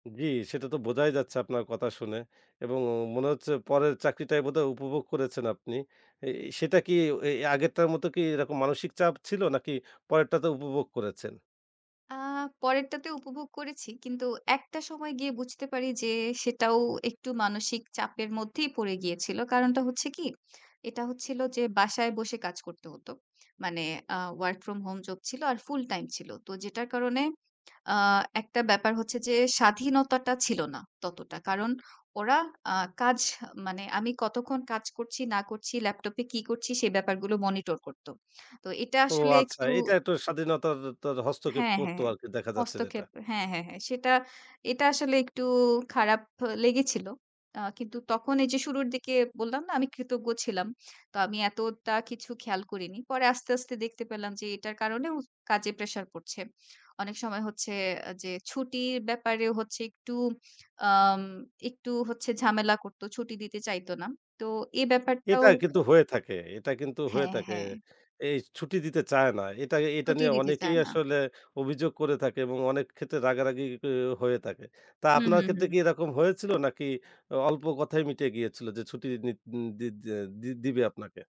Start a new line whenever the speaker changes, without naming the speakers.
জি, সেটা তো বোঝাই যাচ্ছে আপনার কথা শুনে। এবং মনে হচ্ছে পরের চাকরিটাই বোধহয় উপভোগ করেছেন আপনি। এই এই সেটা কি এ এ আগেরটার মতো কি এরকম মানসিক চাপ ছিল, নাকি পরেরটাতে উপভোগ করেছেন?
আ পরেরটাতে উপভোগ করেছি। কিন্তু একটা সময় গিয়ে বুঝতে পারি যে, সেটাও একটু মানসিক চাপের মধ্যেই পড়ে গিয়েছিল। কারণটা হচ্ছে কি? এটা হচ্ছিল যে, বাসায় বসে কাজ করতে হত। মানে আ ওয়ার্ক ফ্রম হোম জব ছিল, আর ফুল টাইম ছিল। তো যেটার কারণে, আ একটা ব্যাপার হচ্ছে যে, স্বাধীনতাটা ছিল না ততটা। কারণ ওরা আ কাজ, হ মানে আমি কতক্ষণ কাজ করছি না করছি, ল্যাপটপে কি করছি? সে ব্যাপারগুলো মনিটর করত। তো এটা
ও!
আসলে
আচ্ছা।
একটু
এটা একটু স্বাধীনতার তার হস্তক্ষেপ
হ্যাঁ,
করতো
হ্যাঁ।
আরকি, দেখা যাচ্ছে যেটা।
হস্তক্ষেপ হ্যাঁ, হ্যাঁ, হ্যাঁ। সেটা, এটা আসলে একটু খারাপ লেগেছিল। আ কিন্তু তখন এই যে শুরুর দিকে বললাম না, আমি কৃতজ্ঞ ছিলাম? তো আমি এতটা কিছু খেয়াল করিনি। পরে আস্তে, আস্তে দেখতে পেলাম যে, এটার কারণেও কাজে প্রেশার পড়ছে। অনেক সময় হচ্ছে যে, ছুটির ব্যাপারে হচ্ছে একটু, আম একটু হচ্ছে ঝামেলা করতো, ছুটি দিতে চাইত না। তো এ
এটা
ব্যাপারটাও
কিন্তু হয়ে থাকে, এটা কিন্তু হয়ে
হ্যাঁ,
থাকে।
হ্যাঁ।
এই ছুটি দিতে চায় না। এটা এটা
ছুটিয়ে
নিয়ে
দিতে
অনেকেই
চায় না।
আসলে অভিযোগ করে থাকে এবং অনেক ক্ষেত্রে রাগারাগি গিও হয়ে থাকে। তা
হু,
আপনার
হু,
ক্ষেত্রে কি
হু।
এরকম হয়েছিল নাকি, অ অল্প কথায় মিটে গিয়েছিল যে, ছুটি নিদন দি দ্যা দি দিবে আপনাকে?